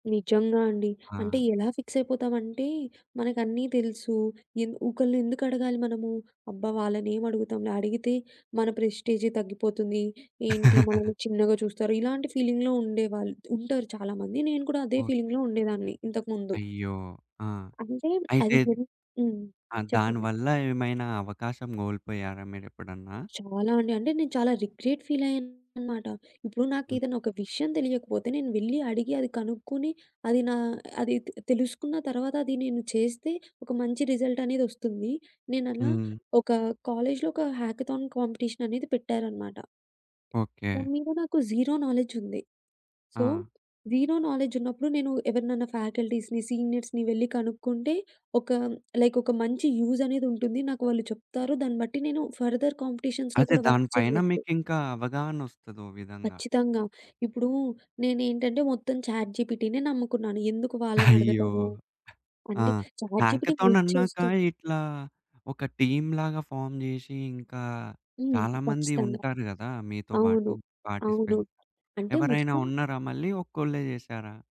నిజంగా అండి. అంటే ఆ! ఎలా ఫిక్స్ అయిపోతామంటే మనకు అన్నీ తెలుసు. ఎన్ ఒకళ్ళని ఎందుకు అడగాలి మనము? అబ్బా! వాళ్ళనేమడుగుతాంలే! అడిగితే మన ప్రెస్టీజే తగ్గిపోతుంది. ఏంటి మనల్ని చిన్నగా చూస్తారు. ఇలాంటి ఫీలింగ్‌లో ఉండేవాళ్ళు ఉంటారు చాలామంది. నేను కూడా అదే ఓకే. ఫీలింగ్‌లో ఉండేదాన్ని ఇంతకుముందు. అయ్యో! ఆ! అంటే అయితే అది గున్ హ్మ్. ఆ దాని చెప్పండి? వల్ల ఏమైనా అవకాశం గోల్పోయారా మీరెప్పుడన్నా? చాలా అండి. అంటే నేను చాలా రిగ్రెట్ ఫీల్ అయ్యానన్నమాట. ఇప్పుడు హ్మ్. నాకేఏదైనా ఒక విషయం తెలియకపోతే నేను వెళ్ళి అడిగి అది కనుక్కొని అది నా అది తె తెలుసుకున్న తర్వాత అది నేను చేస్తే ఒక మంచి రిజల్టనేది ఒస్తుంది. నేనలా హ్మ్. ఒక కాలేజీలో ఒక హ్యాకథాన్ కాంపిటీషన్ అనేది పెట్టారన్నమాట. ఓకే. దాని మీద నాకు 0 నాలెడ్జ్ ఉంది. సో ఆ! 0 నాలెడ్జ్ ఉన్నప్పుడు నేను ఎవరినన్నా ఫ్యాకల్టీస్‌ని, సీనియర్స్‌ని వెళ్లి కనుక్కుంటే ఒక లైక్ ఒక మంచి యూజ్ అనేదుంటుంది. నాకు వాళ్ళు చెప్తారు. దాన్ని బట్టి నేను ఫర్‌దర్ కాంపిటీషన్స్‌లో అదే కూడా దాని వర్క్ పైన చెయ్యొచ్చు. మీకు ఇంకా అవగాహన ఓస్తది ఓ విధంగా. ఖచ్చితంగా. ఇప్పుడు నేనేంటంటే మొత్తం చాట్‌జీపీటీనే నమ్ముకున్నాను. ఎందుకు అయ్యో! వాళ్ళనడగటము? ఆ! అంటే చాట్‌జీపీటీ హ్యాకథాన్ హెల్ప్ అన్నాక చేస్తుంది. ఇట్లా ఒక టీమ్‌లాగా ఫార్మ్ జేసి ఇంకా హ్మ్. చాలా మంది ఖచ్చితంగా. ఉంటారు గదా! మీతో బాటు అవును. అవును. పార్టిసిపెంట్. అంటే ఎవరైనా మొత్తం ఉన్నారా మళ్ళీ ఒక్కోళ్ళే చేసారా?